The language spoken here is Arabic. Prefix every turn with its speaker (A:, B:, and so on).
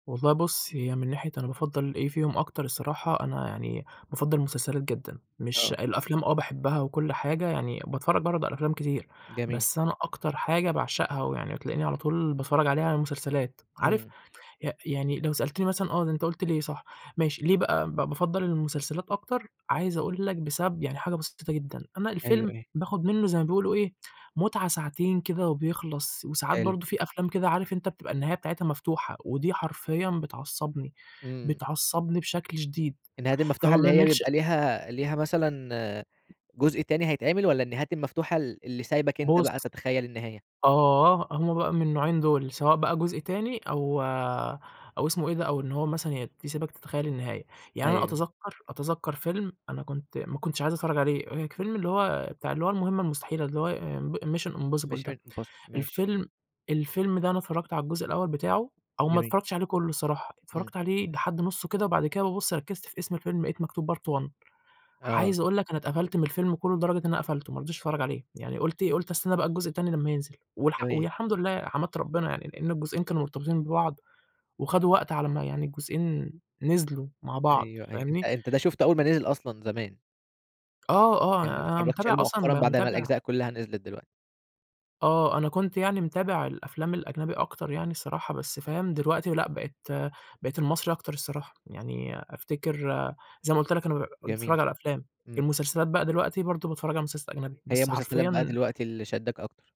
A: والله بُص، هي من ناحية أنا بافَضّل إيه فيهم أكتر الصراحة، أنا يعني بافَضّل المسلسلات جدًا. مش
B: آه.
A: الأفلام آه باحبها وكل حاجة يعني باتفرج برضه على أفلام كتير،
B: جميل.
A: بس أنا أكتر حاجة باعشقها، ويعني بتلاقيني على طول باتفرج عليها هي المسلسلات عارف
B: إمم.
A: ي يعني لو سألتني مثلًا آه، ده أنت قُلت ليه صح، ماشي، ليه بقى ب بافَضّل المسلسلات أكتر؟ عايز أقول لك بسبب يعني حاجة بسيطة جدًا، أنا
B: أيوه،
A: الفيلم
B: إيوه.
A: باخد منه زي ما بيقولوا إيه متعة ساعتين كده وبيخلص وساعات
B: حلو.
A: برضه فيه أفلام كده عارف أنت بتبقى النهاية بتاعتها مفتوحة، ودي حرفيًا بتعصبني،
B: إمم.
A: بتعصبني بشكل شديد،
B: النهايات المفتوحة
A: فما
B: اللي هي
A: باميلش
B: بيبقى ليها ليها مثلًا جزء تاني هيتعمل؟ والّا النهايات المفتوحة ال اللي سايبك أنت
A: بُص
B: بقى تتخيّل النهاية؟
A: آه، هُم بقى من النوعين دُول، سواء بقى جزء تاني أو أو اسمه إيه ده، أو إن هو مثلًا ي يسيبك تتخيل النهاية، يعني أنا
B: أيوه.
A: أتذكر أتذكر فيلم أنا كنت ما كنتش عايز أتفرج عليه، اللي هو ك فيلم المهمة المستحيلة، اللي هو د mission impossible ده،
B: mission impossible ماشي.
A: الفيلم الفيلم ده أنا اتفرجت على الجزء الأول بتاعه، أو ما
B: جميل.
A: اتفرجتش عليه كُلُّه صراحةً
B: إمم.
A: اتفرجت عليه لحد نُصُّه كده، وبعد كده بابص ركّزت في اسم الفيلم لقيت مكتوب part 1
B: آه.
A: عايز أقول لك، أنا اتقفلت من الفيلم كله لدرجة إن أنا قفلته، ما رضيتش أتفرّج عليه، يعني قُلت إيه قُلت استنى بقى الجزء التاني لمّا ينزل، والح
B: جميل.
A: والحمد لله، حمدت ربّنا يعني، لإن الجزئين كانوا مرتبطين ببعض، وخدوا وقت على أمّا يعني الجزئين ن نزلوا مع بعض،
B: أيوه، أيوه. أنت
A: فاهمني؟
B: أ أنت ده شُفته أول ما نزل أصلًا، زمان.
A: آه، آه.
B: يعني ما
A: أنا
B: اتفرجتش
A: متابع
B: عليه
A: أصلًا م
B: مؤخرًا، بعد ما
A: متابع
B: الأجزاء كُلّها نزلِت دلوقتي؟
A: آه، أنا كنت يعني متابع الأفلام الأجنبي أكتر يعني الصراحة، بس، فاهم؟ دلوقتي لأ بقيت بقيت المصري أكتر الصراحة. يعني أفتكر زي ما قُلت لك أنا ب باتفرج
B: جميل.
A: على أفلام.
B: إمم.
A: المسلسلات بقى دلوقتي، برضه باتفرج على المسلسلات الأجنبي،
B: هي
A: بس
B: المسلسلات بقى
A: حرفيًا
B: دلوقتي اللي شدّاك أكتر.